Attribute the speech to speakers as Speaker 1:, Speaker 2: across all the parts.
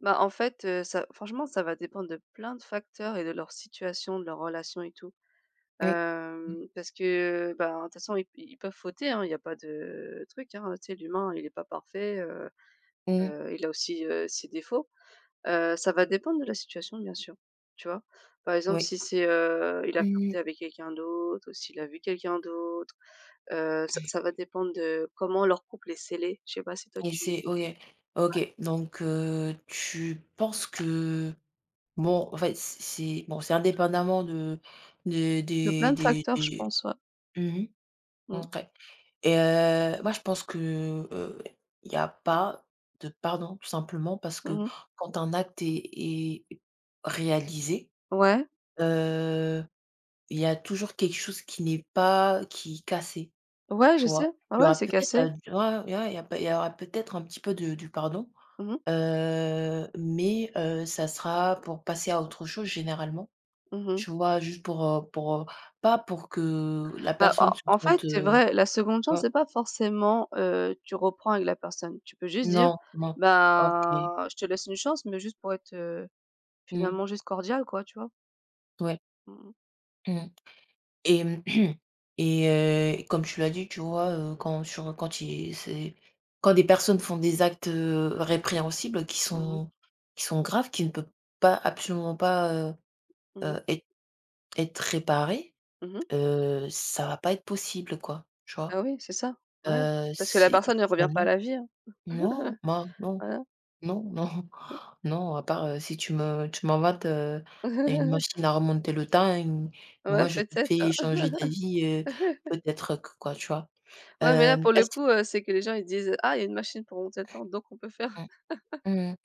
Speaker 1: Bah en fait, heu, ça franchement, ça va dépendre de plein de facteurs et de leur situation, de leur relation et tout.
Speaker 2: Oui. Mmh.
Speaker 1: Hem, parce que ben, de toute façon i ils peuvent fauter, hein, il y a pas de truc, hein, tu sais l'humain il est pas parfait, heu,
Speaker 2: Mmh.
Speaker 1: heu, il a aussi, heu, ses défauts. Heu, ça va dépendre de la situation, bien sûr, tu vois? Par exemple,
Speaker 2: Oui.
Speaker 1: si c'est, heu, il a
Speaker 2: Mmh.
Speaker 1: flirté avec quelqu'un d'autre ou s'il a vu quelqu'un d'autre, heu, ça ça va dépendre de, comment leur couple est scellé, je sais pas, si toi
Speaker 2: Et
Speaker 1: tu ouais.
Speaker 2: c'est ouais. OK. Donc heu, tu penses que bon en fait c'est c'est bon c'est indépendamment de des
Speaker 1: De
Speaker 2: des
Speaker 1: plein de
Speaker 2: des
Speaker 1: facteurs, je
Speaker 2: des
Speaker 1: pense, ouais.
Speaker 2: Mmh mh.
Speaker 1: Mmh.
Speaker 2: OK et heu, moi je pense que, heu, il y a pas de pardon, tout simplement parce que
Speaker 1: Mmh mh.
Speaker 2: quand un acte est est réalisé,
Speaker 1: Ouais.
Speaker 2: heu, il y a toujours quelque chose qui n'est pas qui est cassé,
Speaker 1: Ouais je
Speaker 2: tu vois?
Speaker 1: sais. Ah
Speaker 2: Il y
Speaker 1: ouais
Speaker 2: aura
Speaker 1: c'est
Speaker 2: peut-être,,
Speaker 1: cassé.
Speaker 2: [unintelligible] il y a il y a il y aura peut-être un petit peu de du pardon.
Speaker 1: Mmh mh.
Speaker 2: Heu, mais, heu, ça sera pour passer à autre chose généralement.
Speaker 1: Mmh mh.
Speaker 2: Tu vois? Juste pour, heu pour, heu, pas pour que, la
Speaker 1: Bah en
Speaker 2: personne se
Speaker 1: en fait
Speaker 2: sente,
Speaker 1: c'est
Speaker 2: heu,
Speaker 1: vrai, la 2de chance
Speaker 2: ouais.
Speaker 1: c'est pas forcément, heu, tu reprends avec la personne. Tu peux juste dire,
Speaker 2: Non, non. OK.
Speaker 1: ben: «Je te laisse une chance», mais juste pour être, heu,
Speaker 2: Mmh.
Speaker 1: finalement juste cordiale quoi, tu vois?
Speaker 2: Ouais.
Speaker 1: Mmh mh.
Speaker 2: Mmh et et heu, comme tu l'as dit tu vois, heu, quand sur, heu, quand il c'est quand des personnes font des actes, heu, répréhensibles qui
Speaker 1: Mmh mh.
Speaker 2: sont qui sont graves, qui ne peut pas absolument pas, heu,
Speaker 1: Mmh.
Speaker 2: heu êt être réparées,
Speaker 1: Mmh mh.
Speaker 2: heu, ça va pas être possible quoi, tu
Speaker 1: Ah
Speaker 2: vois?
Speaker 1: oui c'est ça, ouais,
Speaker 2: Heu,
Speaker 1: parce que la
Speaker 2: c'est
Speaker 1: personne, elle
Speaker 2: ben,
Speaker 1: revient pas à
Speaker 2: non.
Speaker 1: la vie hein.
Speaker 2: Non, bah non,
Speaker 1: Voilà.
Speaker 2: non, non, non à part, heu, si tu me tu m'inventes, heu, une machine à remonter le temps et moi
Speaker 1: Ouais
Speaker 2: je te
Speaker 1: peut-être.
Speaker 2: fais changer d'avis, heu, peut-être que quoi, tu vois?
Speaker 1: Ouais mais là
Speaker 2: Hem,
Speaker 1: pour le
Speaker 2: est-ce
Speaker 1: coup, heu, c'est que les gens, ils disent: «Ah, il y a une machine pour remonter le temps donc on peut faire».
Speaker 2: Mmh. Mmh mh.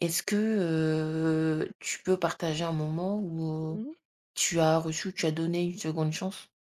Speaker 2: Est-ce que, heu, tu peux partager un moment où, heu,
Speaker 1: Mmh mh.
Speaker 2: tu as reçu tu as donné une 2de chance?